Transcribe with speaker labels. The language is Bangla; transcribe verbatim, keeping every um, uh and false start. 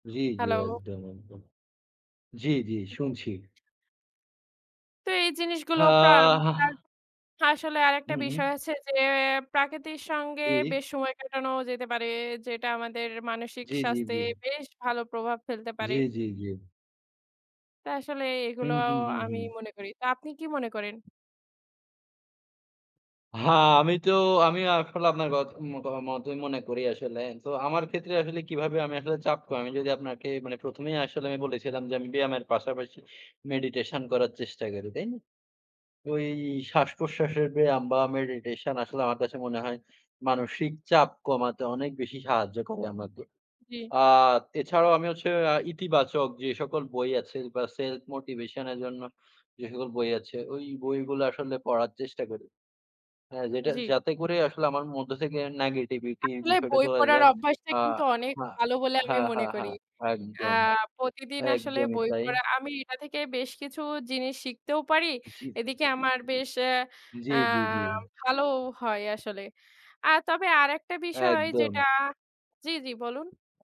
Speaker 1: জ্বী, জ্বী।
Speaker 2: হ্যালো।
Speaker 1: অ একদম, একদম। জ্বী, জ্বী
Speaker 2: জ্বী।
Speaker 1: শুনছি।
Speaker 2: তো, এই জিনিসগুলো।
Speaker 1: হা
Speaker 2: [unintelligible]
Speaker 1: হাহ
Speaker 2: আসলে আরেকটা
Speaker 1: উম
Speaker 2: বিষয়
Speaker 1: উম
Speaker 2: হচ্ছে যে, প্রাকৃতির সঙ্গে
Speaker 1: ইহ।
Speaker 2: বেশ সময় কাটানো যেতে পারে, যেটা আমাদের মানসিক
Speaker 1: জ্বী, জ্বী,
Speaker 2: স্বাস্থ্যে,
Speaker 1: জ্বী।
Speaker 2: বেশ ভালো প্রভাব ফেলতে পারে।
Speaker 1: জ্বী, জ্বী, জ্বী।
Speaker 2: তো আসলে, এগুলো
Speaker 1: উম উম উম
Speaker 2: আমি
Speaker 1: হুম।
Speaker 2: মনে করি। তো আপনি কি মনে করেন?
Speaker 1: হা আমি তো আমি আসলে আপনার কথ মোকা মতই মনে করি আসলে। তো, আমার ক্ষেত্রে আসলে কিভাবে আমি আসলে চাপ কমাই, যদি আপনাকে মানে প্রথমেই আসলে আমি বলেছিলাম যে, আমি ব্যায়ামের পাশাপাশি meditation করার চেষ্টা করি, তাই না? ওই শ্বাসপ্রশ্বাসের ব্যায়াম বা meditation আসলে আমার কাছে মনে হয়, মানসিক চাপ কমাতে অনেক বেশি সাহায্য করে আমাকে।
Speaker 2: জ্বী।
Speaker 1: আ এছাড়াও আমি হচ্ছে এ ইতিবাচক যে সকল বই আছে বা Self motivation এর জন্য যে সকল বই আছে, ওই বইগুলো আসলে পড়ার চেষ্টা করি। হ্যাঁ, যেটা
Speaker 2: জ্বী।
Speaker 1: যাতে করে, আসলে আমার মধ্য থেকে নেগেটিভিটি
Speaker 2: আসলে,
Speaker 1: বিষয়টা
Speaker 2: বই
Speaker 1: চলে
Speaker 2: পড়ার
Speaker 1: যায়।
Speaker 2: অভ্যাসটা কিন্তু অনেক
Speaker 1: আহা
Speaker 2: ভালো বলে আমি
Speaker 1: হা, হা,
Speaker 2: মনে করি।
Speaker 1: হা।
Speaker 2: আ
Speaker 1: একদম,
Speaker 2: প্রতিদিন আসলে
Speaker 1: একদমই
Speaker 2: বই
Speaker 1: তাই।
Speaker 2: পড়া আমি এটা থেকে বেশ কিছু জিনিস শিখতেও পারি,
Speaker 1: জীব
Speaker 2: এদিকে আমার বেশ
Speaker 1: জ্বী,
Speaker 2: আ
Speaker 1: জ্বী, জ্বী।
Speaker 2: ভালোও হয় আসলে। আর তবে আরেকটা বিষয় যেটা
Speaker 1: একদম।
Speaker 2: জ্বী, জ্বী, বলুন।